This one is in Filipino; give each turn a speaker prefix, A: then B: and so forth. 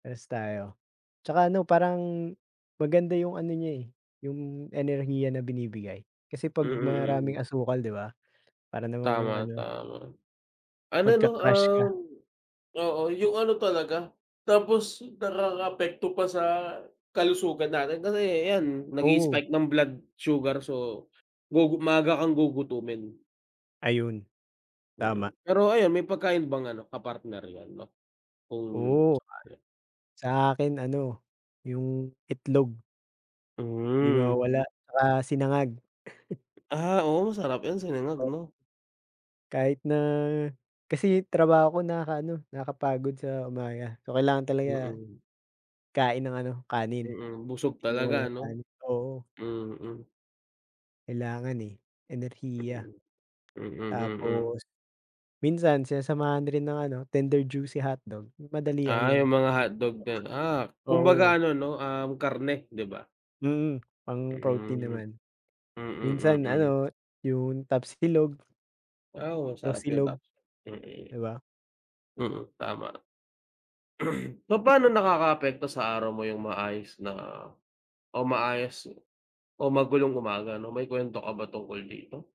A: Parehas tayo. 'Tsaka ano parang, maganda yung ano niya, eh, 'yung enerhiya na binibigay. Kasi
B: Mm,
A: pag maraming
B: mm.
A: asukal 'di ba, para namang
B: Tama,
A: ano
B: tama. Ano 'no,
A: magka-crash
B: um,
A: ka.
B: oo 'yung ano talaga, tapos nakaka-apekto pa sa kalusugan natin, kasi ayan nag
A: Oo.
B: i-spike ng blood sugar so, gugu maaga kang gugutumin.
A: Ayun.
B: Mm,
A: Tama.
B: pero ayan, may pagkain bang ano ka partner 'yan 'no, kung
A: Oo.
B: sakali.
A: Sa akin ano, 'yung itlog. 'Di
B: Hmm.
A: mawawala, 'tsaka sinangag.
B: Ah, oo, masarap 'yan sinangag
A: O
B: 'no.
A: Kahit na kasi trabaho ko nakaka-ano, nakapagod sa umaga. So kailangan talaga,
B: Mm.
A: kain ng ano, kanin.
B: Mm, busog
A: 'Di
B: talaga
A: mawawala 'yung
B: ano.
A: kanin, oo.
B: Mm.
A: Kailangan, eh, enerhiya.
B: Mm, mm.
A: Tapos, minsan sinasamahan rin ng ano, Tender Juicy hotdog, madalian
B: Ah
A: lang.
B: 'yung mga hotdog din, ah,
A: Oo.
B: kumbaga ano 'no, um, karne 'di ba.
A: Mm, pang protein
B: Hmm.
A: naman.
B: Mm,
A: Minsan
B: mm.
A: ano, 'yung tapsilog.
B: Ah oo, sarap 'yun
A: Tosilog,
B: tap
A: 'di
B: mm.
A: ba.
B: Mm, tama. Papa'no nakaka-apekto sa araw mo 'yung maayos na o maayos o magulong umaga 'no. May kuwento ka ba tungkol dito?